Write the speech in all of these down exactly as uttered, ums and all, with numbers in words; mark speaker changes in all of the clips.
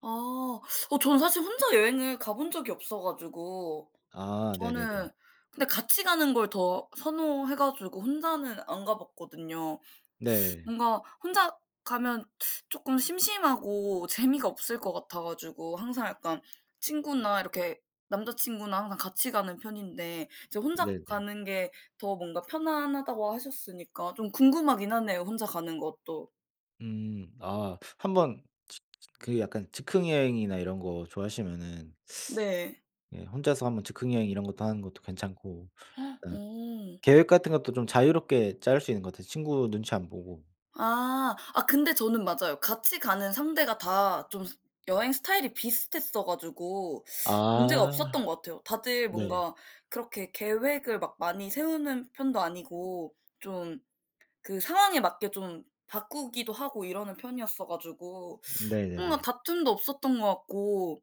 Speaker 1: 아. 어 저는 사실 혼자 여행을 가 본 적이 없어 가지고
Speaker 2: 아 네네네.
Speaker 1: 저는 근데 같이 가는 걸 더 선호해 가지고 혼자는 안 가봤거든요.
Speaker 2: 네.
Speaker 1: 뭔가 혼자 가면 쪼끔 심심하고 재미가 없을 것 같아 가지고 항상 약간 친구나 이렇게 남자 친구나 항상 같이 가는 편인데 이제 혼자
Speaker 2: 네네.
Speaker 1: 가는 게 더 뭔가 편안하다고 하셨으니까 좀 궁금하긴 하네요 혼자 가는 것도.
Speaker 2: 음. 아 한 번 즈즈 그 약간 즉흥 여행이나 이런 거 좋아하시면은
Speaker 1: 네.
Speaker 2: 예 혼자서 한 번 즉흥 여행 이런 것도 하는 것도 괜찮고 일단
Speaker 1: 어.
Speaker 2: 계획 같은 것도 좀 자유롭게 짤 수 있는 것 같아요 친구 눈치 안 보고.
Speaker 1: 아. 아 근데 저는 맞아요. 같이 가는 상대가 다 좀 여행 스타일이 비슷했어 가지고 문제가
Speaker 2: 아
Speaker 1: 없었던 것 같아요. 다들
Speaker 2: 네.
Speaker 1: 뭔가 그렇게 계획을 막 많이 세우는 편도 아니고 좀 그 상황에 맞게 좀 바꾸기도 하고 이러는 편이었어가지고 뭔가
Speaker 2: 네네네.
Speaker 1: 다툼도 없었던 것 같고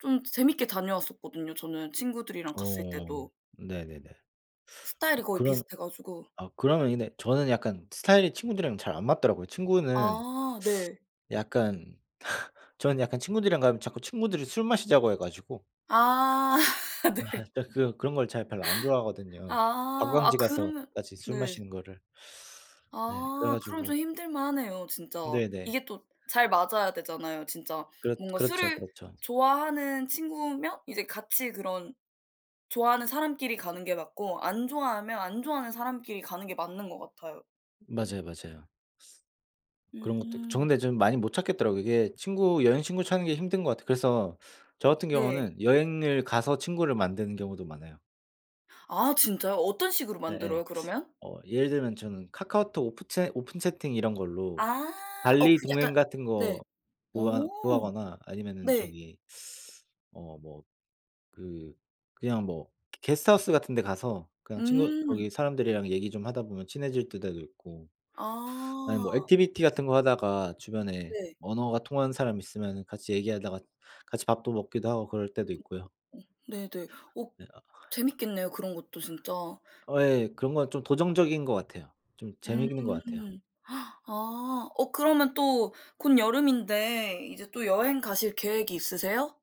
Speaker 1: 좀 재 재밌게 다녀왔었거든요 저는 친구들이랑 갔을
Speaker 2: 어
Speaker 1: 때도.
Speaker 2: 네네네. 어
Speaker 1: 스타일이 거의
Speaker 2: 그러면
Speaker 1: 비슷해 가지고
Speaker 2: 아 그러면 근데 저는 약간 스타일이 친구들이랑 잘 안 맞더라고요. 친구는
Speaker 1: 아 네.
Speaker 2: 약간 저는 약간 친구들이랑 가면 자꾸 친구들이 술 마시자고 해 가지고
Speaker 1: 아.
Speaker 2: 아
Speaker 1: 네.
Speaker 2: 진짜 그 그런 걸 제가 별로 안 좋아하거든요.
Speaker 1: 아 아
Speaker 2: 관광지
Speaker 1: 그러면
Speaker 2: 가서까지 술
Speaker 1: 네.
Speaker 2: 마시는 거를. 네 그래
Speaker 1: 아 그럼
Speaker 2: 가지고
Speaker 1: 좀 힘들만하네요 진짜.
Speaker 2: 네네.
Speaker 1: 이게 또 잘 맞아야 되잖아요 진짜.
Speaker 2: 그렇
Speaker 1: 뭔가
Speaker 2: 그렇죠,
Speaker 1: 술을
Speaker 2: 그렇죠.
Speaker 1: 좋아하는 친구면 이제 같이 그런 좋아하는 사람끼리 가는 게 맞고 안 좋아하면 안 좋아하는 사람끼리 가는 게 맞는 것 같아요.
Speaker 2: 맞아요, 맞아요. 그런 것도 있고. 저
Speaker 1: 음.
Speaker 2: 근데 좀 많이 못 찾겠더라고요. 이게 친구 여행 친구 찾는 게 힘든 것 같아요. 그래서 저 같은
Speaker 1: 네.
Speaker 2: 경우는 여행을 가서 친구를 만드는 경우도 많아요.
Speaker 1: 아 진짜요? 어떤 식으로
Speaker 2: 예예.
Speaker 1: 만들어요 그러면?
Speaker 2: 어 예를 들면 저는 카카오톡 오프 채 오픈 채팅 이런 걸로
Speaker 1: 아. 어
Speaker 2: 발리
Speaker 1: 그 약간
Speaker 2: 동행 같은
Speaker 1: 네.
Speaker 2: 거
Speaker 1: 어.
Speaker 2: 구하 구하거나 아니면은
Speaker 1: 네.
Speaker 2: 저기 어 뭐 그 그냥 뭐 게 게스트 하우스 같은 데 가서 그냥 친구
Speaker 1: 음.
Speaker 2: 거기 사람들이랑 얘기 좀 하다 보면 친해질 때도 있고 아니
Speaker 1: 아.
Speaker 2: 뭐 액티비티 같은 거 하다가 주변에
Speaker 1: 네.
Speaker 2: 언어가 통하는 사람 있으면은 같이 얘기하다가 같이 밥도 먹기도 하고 그럴 때도 있고요.
Speaker 1: 네네. 어
Speaker 2: 네 아.
Speaker 1: 재밌겠네요 그런 것도 진짜.
Speaker 2: 어 예 그런 건 좀 도전적인 것 같아요. 좀
Speaker 1: 음.
Speaker 2: 재밌는 것 같아요.
Speaker 1: 아 어 그러면 또 곧 여름인데 이제 또 여행 가실 계획이 있으세요?